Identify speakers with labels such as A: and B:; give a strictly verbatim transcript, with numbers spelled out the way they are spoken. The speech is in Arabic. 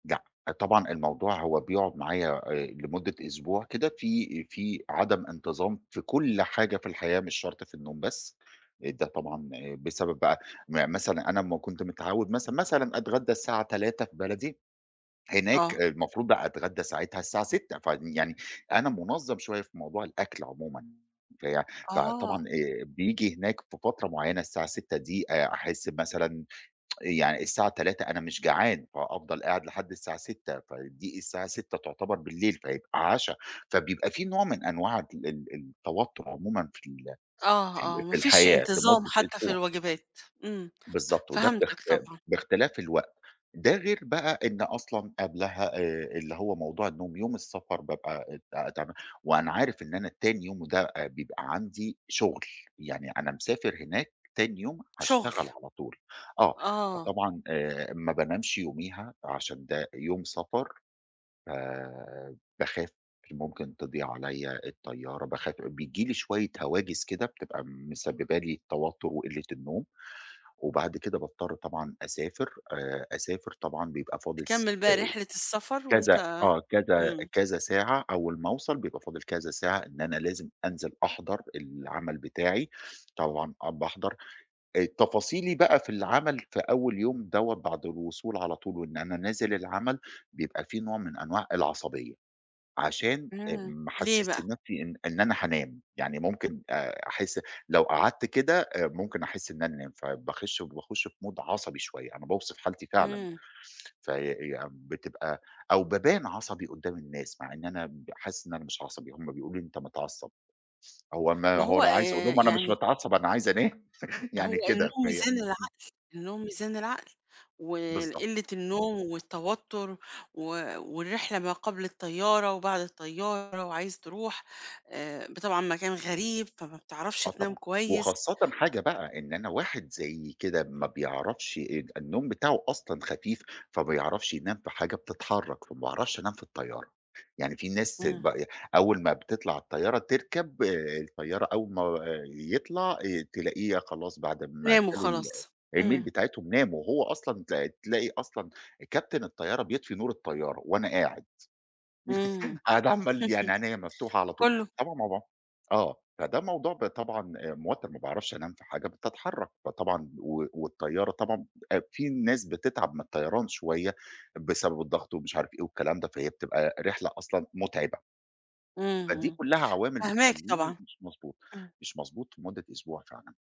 A: لأ، طبعًا الموضوع هو بيقعد معايا آآ، لمدة اسبوع كده في في عدم انتظام في كل حاجة في الحياة، مش شرط في النوم بس. آآ، ده طبعًا بسبب بقى مثلًا أنا أما كنت متعوّد مثلًا مثلًا اتغدى الساعة تلاتة في بلدي، هناك
B: آه.
A: المفروض بقى اتغدى ساعتها الساعة ستة فيعني أنا منظّم شوية في موضوع الأكل عمومًا، في فطبعًا
B: آه.
A: آآ، بييجي هناك في فترة معيّنة الساعة ستة دي آآ ،احس مثلًا يع الساعة تلاتة أنا مش جعان، فأفضل قاعد لحد الساعة ستة فدي الساعة ستة تعتبر بالليل، فيبقى عشا. فبيبقى في نوع من انواع ال ال التوتر عمومًا في ال
B: آه،
A: في ال
B: آه، ما
A: في
B: فيش
A: الحياة
B: انتظام
A: لمدة
B: حتى في
A: أسبوع.
B: الوجبات، إمم،
A: بالضبط، وده باخت
B: فهمتك طبعًا.
A: باختلاف الوقت. ده غير بقى إن أصلًا قبلها آآ، اللي هو موضوع النوم، يوم السفر بابقى ات تَعبان وأنا عارف إن أنا تاني يوم وده آآ، بيبقى عندي شغل، يعني أنا مسافر هناك تاني يوم هاشتغل
B: شُغل.
A: على طول، آه.
B: آه.
A: فطبعًا، آآ، ما بانامش يوميها عشان ده يوم سفر آآ، باخاف، ممكن تضيع عليّا الطيارة، باخاف بييجي لي شوية هواجس كده بتبقى مسببه لي التوتر وقلة النوم، وبعد كده باضطر طبعًا اسافر. آآ، اسافر طبعًا بيبقى فاضل س
B: تكمل
A: آآ،
B: بقى رحلة السفر
A: كذا
B: وأنت
A: آه، كذا
B: إمم.
A: كذا ساعة أول ما اوصل، بيبقى فاضل كذا ساعة إن أنا لازم انزل أحضَر العمل بتاعي، طبعًا آه، باحضَر. التفاصيلي بقى في العمل في أول يوم دوّة بعد الوصول على طول وإن أنا نازل العمل، بيبقى في نوع من انواع العصبية، عشان آآ،
B: إمم،
A: ما
B: ليه
A: أحسسش
B: بقى؟
A: نفسي إن إن أنا هانام. يعني ممكن آآ، احس لو قعدت كده آآ، ممكن احس إن أنا انام، فباخش وباخش في mood عصبي شوية أنا باوصف حالتي فعلًا.
B: إمم.
A: ف فيع بتبقى أو بابان عصبي قدام الناس مع إن أنا ب حاسس إن أنا مش عصبي، هُم بيقولوا لي أنت متعصّب. هو ما
B: ما
A: هو
B: هو
A: لو عايز اقُول
B: آآ،
A: لهم أنا مش
B: يعني
A: متعصّب، أنا عايز انام يعني
B: هو
A: كده
B: النوم
A: فهي
B: ميزان
A: إمم.
B: العقل. النوم ميزان العقل،
A: بالضبط.
B: والقلة النوم والتوتر و والرحلة ما قبل الطيارة وبعد الطيارة وعايز تروح آآ، ب طبعًا مكان غريب فما بتعرفش
A: آه
B: تنام
A: طبعًا،
B: كويس
A: وخاصةً
B: أ
A: حاجة بقى، إن أنا واحد زيي كده ما بايعرفش آآ، ال النوم بتاعه أصلًا خفيف، فبيعرفش ينام في حاجة بتتحرك، فما باعرفش انام في الطيارة. يعني في ناس
B: إمم.
A: ب آآ، أول ما بتطلع على الطيارة، تركَب، الطيارة أول ما يطلع ي تلاقيها خلاص بعد ما
B: تنام
A: أكلوا ال
B: وخلاص إمم.
A: الmeal بتاعتهم، ناموا. هو أصلًا ت تلاقي أصلًا كابتن الطيارة بيطفي نور الطيارة، وأنا قاعد.
B: إمم
A: قاعد عَمّال يعني عنيّا مفتوحة على طول،
B: كُلّه.
A: طبعًا موضوع آه، فده موضوع ب طبعًا موتِّر ما باعرفش انام في حاجة بتتحرك فطبعًا و والطيارة طبعًا آآ، في ناس بتتعب من الطيران شوية بسبب الضغط ومش عارف إيه والكلام ده، فهي بتبقى رحلة أصلًا متعبة.
B: إمم،
A: فدي
B: إمم.
A: كلها عوامل
B: فاهماك
A: بتخليني
B: طبعًا.
A: مش مضبوط،
B: إمم.
A: مش مضبوط لمدة أسبوع فعلًا.